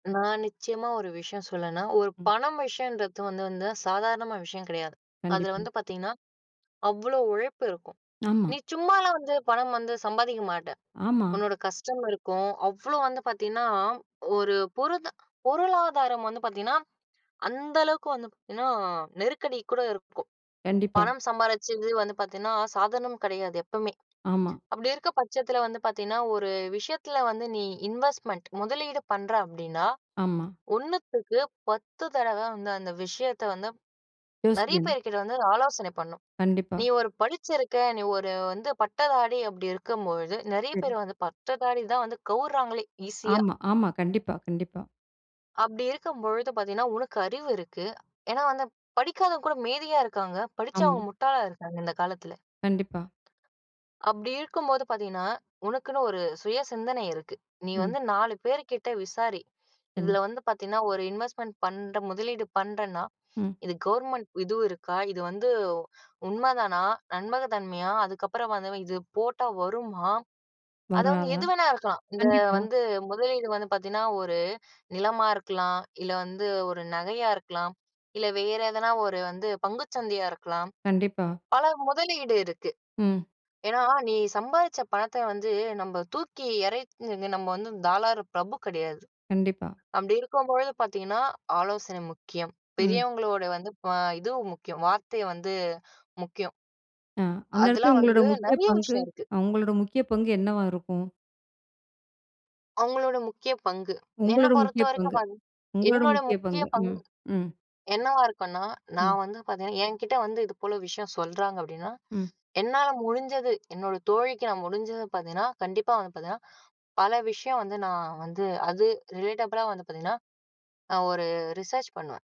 நான் நிச்சயமா ஒரு விஷயம் சொன்னேன்னா, ஒரு ம். பணம் விஷயம்ன்றது வந்து வந்து சாதாரணமான விஷயம் கெடையாது. அதுல கண்டிப்பா. வந்து பார்த்தீங்கன்னா, அவ்ளோ உழைப்பு இருக்கும். ஆமா. நீ சும்மாலாம் வந்து பணம் வந்து சம்பாதிக்க மாட்ட. ஆமா. உன்னோட கஷ்டம் இருக்கும், அவ்ளோ வந்து பார்த்தீங்கன்னா, ஒரு புரத பொருளாதாரம் வந்து பார்த்தீங்கன்னா, அந்த அளவுக்கு வந்து ஏன்னா நெருக்கடி கூட இருக்கும். கண்டிப்பா. பணம் சம்பாரிச்சது வந்து பார்த்தீன்னா சாதாரணம் கெடையாது, எப்பவுமே. ஆமா. அப்டி இருக்க பட்சத்துல வந்து பார்த்தீங்கன்னா, ஒரு விஷயத்தில வந்து நீ இன்வெஸ்ட்மெண்ட் முதலீடு பண்ற அப்படின்னா, ஆமா. 1த்துக்கு 10 தடவ வந்து, அந்த விஷயத்த வந்து நெறைய யோசிக்கணும். பேர் கிட்ட வந்து ஆலோசனை பண்ணணும். கண்டிப்பா. நீ ஒரு படிச்சிருக்க, நீ ஒரு வந்து பட்டதாரி அப்டி இருக்கும் பொழுது, நெறைய சரி. பேர் வந்து பட்டதாரி தான் வந்து கவுர்றாங்களே ஈசியா. ஆமா, ஆமா. கண்டிப்பா, கண்டிப்பா. அப்டி இருக்கும் பொழுது பார்த்தீங்கன்னா, உனக்கு அறிவு இருக்கு. ஏன்னா வந்து படிக்காதவங்க கூட மேதையா இருக்காங்க, படிச்சவங்க அம். முட்டாளா இருக்காங்க, இந்த காலத்துல. கண்டிப்பா. அப்டி இருக்கும்போது பார்த்தீங்கன்னா, உனக்குன்னு ஒரு சுய சிந்தனை இருக்கு. நீ ம். வந்து 4 பேர் கிட்ட விசாரி, கண் இதுல வந்து பார்த்தீங்கன்னா, ஒரு இன்வெஸ்ட்மெண்ட் பண்ற, முதலீடு பண்றன்னா," ம். இது கவர்மெண்ட் இதுவு இருக்கா? இது வந்து உண்மதானா? நம்பக தன்மையா? அதுக்கப்புறம் வந்தவ இது போட்டா வருமா?" அத வந்து வராதா? எது வேணா இருக்கலாம். இந்த கண்டிப்பா. வந்து முதலீடு வந்து பார்த்தீங்கன்னா, 1 நிலமா இருக்கலாம், இல்ல வந்து 1 நகையா இருக்கலாம், இல்லை வேற எதனா ஒரு வந்து பங்குச் சந்தையா இருக்கலாம், கண்டிப்பா. பல முதலீடு இருக்கு. ம். ஏன்னா நீ சம்பாதிச்ச பணத்தை வந்து, நம்ப தூக்கி எறைச் நின்னு நம்ம வந்து தாராள பிரபு கெடையாது. கண்டிப்பா. அப்டி இருக்கும் பொழுது பார்த்தீங்கன்னா, ஆலோசனை முக்கியம். ம். பெரியவங்களோட வந்து ப இதுவும் முக்கியம் வார்த்தை வந்து முக்கியம். அ, அந்த எடத்துல அதுலாம் உங்களோட வந்து, முக்கிய நெறைய பங்கு, விஷயம் இருக்கு. அ உங்களோட முக்கிய பங்கு என்னவா இருக்கும்? அவுங்களோட முக்கிய பங்கு, என்னை உங்களோட முக்கிய பொறுத்தவரைக்கும் பங்கு, பன் உங்களோட என்னோட முக்கிய முக்கிய பங்கு. பங்கு ம், ம். என்னவா இருக்குன்னா ம். நான் வந்து பார்த்தீங்கன்னா, என்கிட்ட வந்து "இது போல விஷயம்" சொல்றாங்க அப்படின்னா, ம். என்னால முடிஞ்சது என்னோட தோழிக்கு நான் முடிஞ்சத பார்த்தீங்கன்னா, கண்டிப்பா வந்து பார்த்தீங்கன்னா, பல விஷயம் வந்து நான் வந்து அது ரிலேட்டபுள்லா வந்து பார்த்தீங்கன்னா, நான் ஒரு ரிசர்ச் பண்ணுவேன்.